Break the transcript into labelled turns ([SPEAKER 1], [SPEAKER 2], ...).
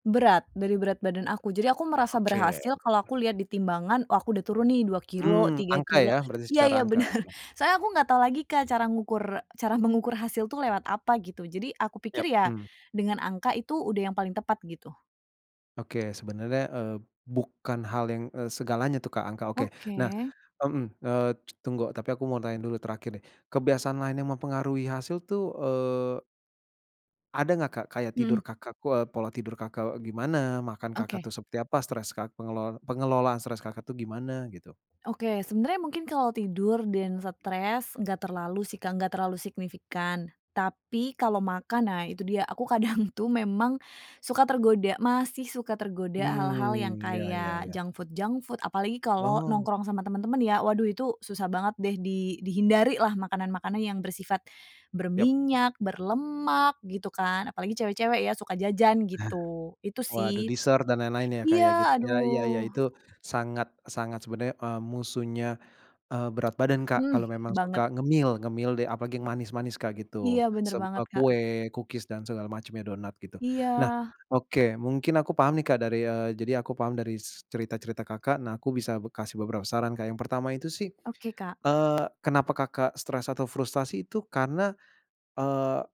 [SPEAKER 1] Berat dari berat badan aku jadi aku merasa
[SPEAKER 2] Oke.
[SPEAKER 1] berhasil kalo aku lihat di timbangan oh aku udah turun nih 2 kilogram
[SPEAKER 2] Mmm,
[SPEAKER 1] tiga
[SPEAKER 2] angka ya
[SPEAKER 1] kilo
[SPEAKER 2] berarti
[SPEAKER 1] iya
[SPEAKER 2] secara
[SPEAKER 1] iya,
[SPEAKER 2] angka
[SPEAKER 1] bener,
[SPEAKER 2] ya.
[SPEAKER 1] soalnya aku gak tau lagi Kak cara ngukur cara mengukur hasil tuh lewat apa gitu jadi aku
[SPEAKER 2] Ya,
[SPEAKER 1] pikir ya,
[SPEAKER 2] mhm.
[SPEAKER 1] dengan angka itu udah yang paling tepat gitu.
[SPEAKER 2] Oke, sebenarnya, eee, bukan hal yang, eee, segalanya tuh Kak angka oke nah
[SPEAKER 1] Oke.
[SPEAKER 2] mhm, eee, tunggu tapi aku mau tanya dulu terakhir deh kebiasaan lain yang mempengaruhi hasil tuh, eee ada gak Kak kayak tidur
[SPEAKER 1] Mhm.
[SPEAKER 2] Kakak kua pola tidur Kakak gimana? Makan
[SPEAKER 1] Oke.
[SPEAKER 2] Kakak tuh seperti apa? Stres ka pengelolan pengelolaan stres Kakak tuh gimana gitu?
[SPEAKER 1] Oke, sebenernya mungkin kalau tidur dan stres gak terlalu sih Kak gak terlalu signifikan. Tapi kalau makan nah itu dia aku kadang tuh memang, suka tergoda masih suka tergoda hal-hal yang
[SPEAKER 2] Mmm, ya ya
[SPEAKER 1] kayak
[SPEAKER 2] ya.
[SPEAKER 1] junk food junk food apalagi kalo
[SPEAKER 2] Oh.
[SPEAKER 1] nongkrong sama temen-temen ya waduh itu susah banget deh di dihindarilah makanan-makanan yang bersifat,
[SPEAKER 2] Ya.
[SPEAKER 1] berminyak, berlemak gitu kan apalagi cewek-cewek ya suka jajan gitu itu
[SPEAKER 2] Waduh
[SPEAKER 1] sih.
[SPEAKER 2] dessert dan lain-lain ya kayak gitu
[SPEAKER 1] Iya,
[SPEAKER 2] ya ya ya
[SPEAKER 1] aduh.
[SPEAKER 2] itu sangat-sangat sebenarnya, eee, musuhnya, eee, berat badan Kak kalau
[SPEAKER 1] Mmm,
[SPEAKER 2] memang
[SPEAKER 1] banget.
[SPEAKER 2] suka ngemil ngemil deh apalagi yang manis-manis Kak gitu
[SPEAKER 1] Iya, bener
[SPEAKER 2] semua
[SPEAKER 1] banget, Kak.
[SPEAKER 2] kue, kukis dan segala macamnya donat gitu. Nah,
[SPEAKER 1] Iya.
[SPEAKER 2] oke, mungkin aku paham nih Kak dari, eee, jadi aku paham dari s cerita-cerita Kakak nah aku bisa b kasih beberapa saran Kak yang pertama itu sih,
[SPEAKER 1] Oke, Kak.
[SPEAKER 2] eee, kenapa Kakak stres atau frustasi itu karena, eee